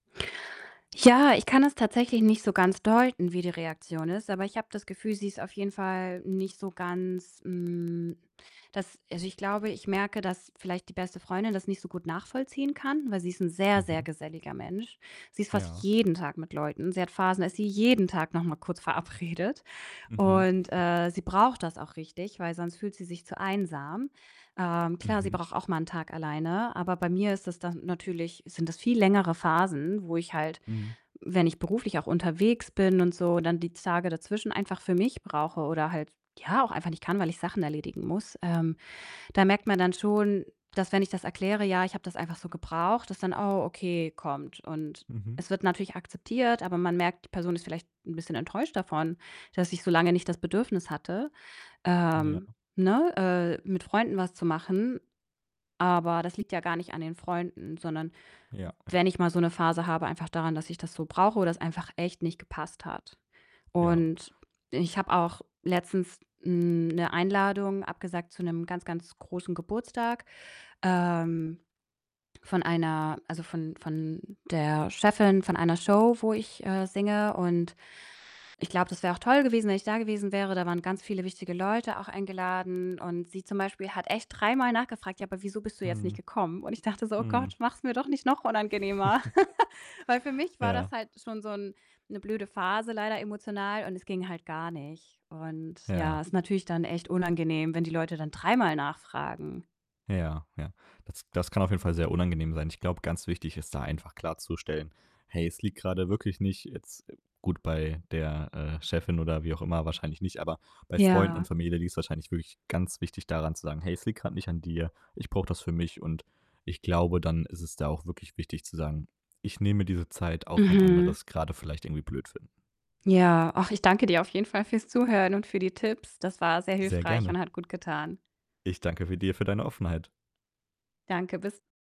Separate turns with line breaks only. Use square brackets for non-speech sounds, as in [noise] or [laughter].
Ja, ich kann es tatsächlich nicht so ganz deuten, wie die Reaktion ist, aber ich habe das Gefühl, sie ist auf jeden Fall nicht so ganz, hm, dass also, ich glaube, ich merke, dass vielleicht die beste Freundin das nicht so gut nachvollziehen kann, weil sie ist 'n sehr, sehr
Mhm.
geselliger Mensch. Sie ist fast
Ja.
jeden Tag mit Leuten, sie hat Phasen, dass sie jeden Tag noch mal kurz verabredet.
Mhm.
Und,
[chuckles]
äh, sie braucht das auch richtig, weil sonst fühlt sie sich zu einsam. Ähm, klar, sie
Mhm.
braucht auch mal 'n Tag alleine. Aber bei mir ist das dann natürlich sind das viel längere Phasen, wo ich halt,
Mhm.
wenn ich beruflich auch unterwegs bin und so, dann die Tage dazwischen einfach für mich brauche oder halt, ja, auch einfach nicht kann, weil ich Sachen erledigen muss. Ähm, da merkt man dann schon, dass wenn ich das erkläre: „Ja, ich habe das einfach so gebraucht“, dass dann: „Oh okay“ kommt und
Mhm.
es wird natürlich akzeptiert, aber man merkt, die Person ist vielleicht 'n bisschen enttäuscht davon, dass ich so lange nicht das Bedürfnis hatte,
Ja.
ähm, ne, äh, mit Freunden was zu machen. Aber das liegt ja gar nicht an den Freunden, sondern
Ja. Ja.
wenn ich mal so 'ne Phase habe einfach daran, dass ich das so brauche oder es einfach echt nicht gepasst hat
Ja.
und ich habe auch letztens, hm, 'ne Einladung abgesagt zu 'nem ganz, ganz großen Geburtstag, ähm, von einer also von von der Chefin von einer Show, wo ich, äh, singe und ich glaube, das wäre auch toll gewesen, wenn ich da gewesen wäre. Da waren ganz viele wichtige Leute auch eingeladen und sie zum Beispiel hat echt dreimal nachgefragt: „Ja, wieso bist du jetzt nicht
Mhm.
gekommen?“ Und ich dachte so: „Oh
Mhm.
Gott, mach's mir doch nicht noch unangenehmer.“ [laughs] Weil für
[chuckles]
mich war das
Ja.
halt schon so 'n 'ne blöde Phase leider emotional und es ging halt gar nicht und ja,
Ja.
ist natürlich dann echt unangenehm, wenn die Leute dann dreimal nachfragen.
Ja, ja. Das das kann auf jeden Fall sehr unangenehm sein. Ich glaube, ganz wichtig ist da einfach klarzustellen: „Hey, es liegt grade wirklich nicht jetzt“ gut bei der, äh, Chefin oder wie auch immer wahrscheinlich nicht, aber bei Freunden
Ja.
und Familie liegt's wahrscheinlich wirklich ganz wichtig da dann zu sagen: „Hey, es liegt grad nicht an dir. Ich brauche das für mich.“ Und ich glaube, dann ist es da auch wirklich wichtig zu sagen: „Ich nehme mir diese Zeit, auch wenn andere
Mhm.
es grade vielleicht irgendwie blöd finden.“
Ja. Ach, ich danke dir auf jeden Fall fürs Zuhören und für die Tipps. Das war sehr
Sehr
hilfreich
gerne.
und hat gutgetan.
Ich danke für dir für deine Offenheit.
Danke, bis